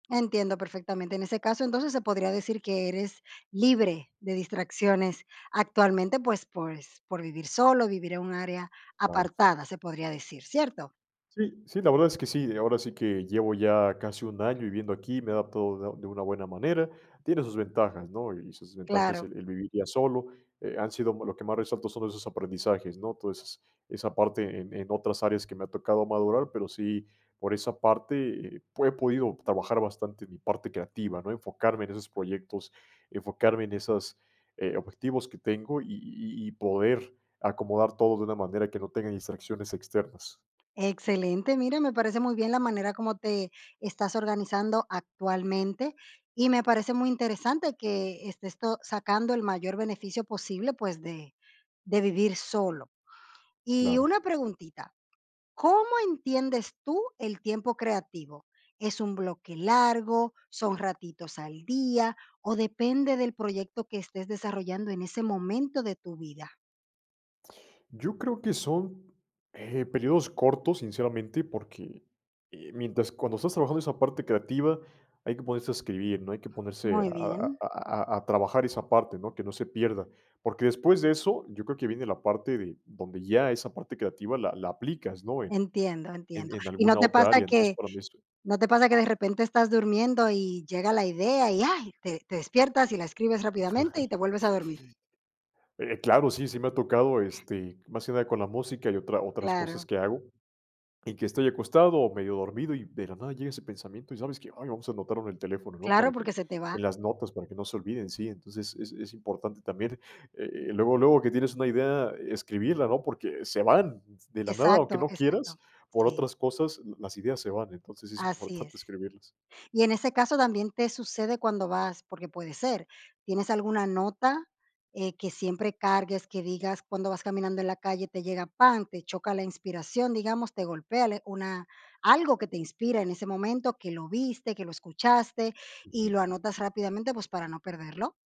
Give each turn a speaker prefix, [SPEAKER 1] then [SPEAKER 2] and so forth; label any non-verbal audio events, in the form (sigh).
[SPEAKER 1] Entiendo perfectamente. En ese caso, entonces se podría decir que eres libre de distracciones actualmente, pues, por es por vivir solo, vivir en un área
[SPEAKER 2] Cllaro.
[SPEAKER 1] apartada, se podría decir, ¿cierto?
[SPEAKER 2] Sí, sí, la verdad es que sí, ahora sí que llevo ya casi 1 año viviendo aquí, me he adaptado de de una buena manera. Tiene sus ventajas, ¿no? Y sus desventajas,
[SPEAKER 1] Claro.
[SPEAKER 2] el el vivir ya solo, eh, han sido lo que más resalto son esos aprendizajes, ¿no?, Toda esas esa parte en en otras áreas que me ha tocado madurar, pero sí, por esa parte, eh, po he podido trabajar bastante mi parte creativa, ¿no? Enfocarme en esos proyectos, enfocarme en esos, eh, objetivos que tengo, y y y poder acomodar todo de una manera que no tenga distracciones externas.
[SPEAKER 1] Excelente. Mira, me parece muy bien la manera como te estás organizando actualmente, y me parece muy interesante que estés to sacando el mayor beneficio posible, pues, de de vivir solo. Y
[SPEAKER 2] Claro.
[SPEAKER 1] una preguntita, ¿cómo entiendes tú el tiempo creativo? ¿Es un bloque largo, son ratitos al día o depende del proyecto que estés desarrollando en ese momento de tu vida?
[SPEAKER 2] Yo creo que son, eh, periodos cortos, sinceramente, porque, eh, mientras cuando estás trabajando esa parte creativa, hay que ponerse a escribir, ¿no? Hay que ponerse a
[SPEAKER 1] Muy
[SPEAKER 2] a
[SPEAKER 1] bien.
[SPEAKER 2] a a a trabajar esa parte, ¿no? Que no se pierda. Porque después de eso, yo creo que viene la parte de donde ya esa parte creativa la la aplicas, ¿no? En
[SPEAKER 1] Entiendo,
[SPEAKER 2] en
[SPEAKER 1] entiendo,
[SPEAKER 2] en
[SPEAKER 1] ¿y no
[SPEAKER 2] alguna
[SPEAKER 1] te
[SPEAKER 2] otra
[SPEAKER 1] pasa
[SPEAKER 2] área. Entonces,
[SPEAKER 1] que
[SPEAKER 2] para mí eso
[SPEAKER 1] no te pasa que, de repente estás durmiendo, y llega la idea, y ay, te te despiertas y la escribes rápidamente y
[SPEAKER 2] (chuckles)
[SPEAKER 1] te vuelves a dormir?
[SPEAKER 2] Eh, claro, sí, sí me ha tocado, este, más que nada con la música y otra otras cosas
[SPEAKER 1] Claro.
[SPEAKER 2] que hago. Y que estoy acostado o medio dormido y, de la nada, llega ese pensamiento, y, ¿sabes qué? "Ay, vamos a anotarlo en el teléfono", ¿no?
[SPEAKER 1] Claro,
[SPEAKER 2] Para que
[SPEAKER 1] porque se te va.
[SPEAKER 2] en las notas, para que no se olviden, sí. Entonces, es es importante también, eh, luego, luego que tienes una idea, escribirla, ¿no? Porque se van de la nada, aunque
[SPEAKER 1] Exacto,
[SPEAKER 2] no
[SPEAKER 1] exacto.
[SPEAKER 2] quieras, por
[SPEAKER 1] Sí.
[SPEAKER 2] otras cosas, las ideas se van. Entonces, es
[SPEAKER 1] Así
[SPEAKER 2] importante
[SPEAKER 1] es.
[SPEAKER 2] escribirlas.
[SPEAKER 1] Y en ese caso también te sucede cuando vas, porque puede ser, ¿tienes alguna nota, eh, que siempre cargues, que digas cuando vas caminando en la calle te llega, ¡pam! Te choca la inspiración, digamos, te golpea, le una algo que te inspira en ese momento, que lo viste, que lo escuchaste y
[SPEAKER 2] Ujú.
[SPEAKER 1] lo anotas rápidamente, pues, para no perderlo?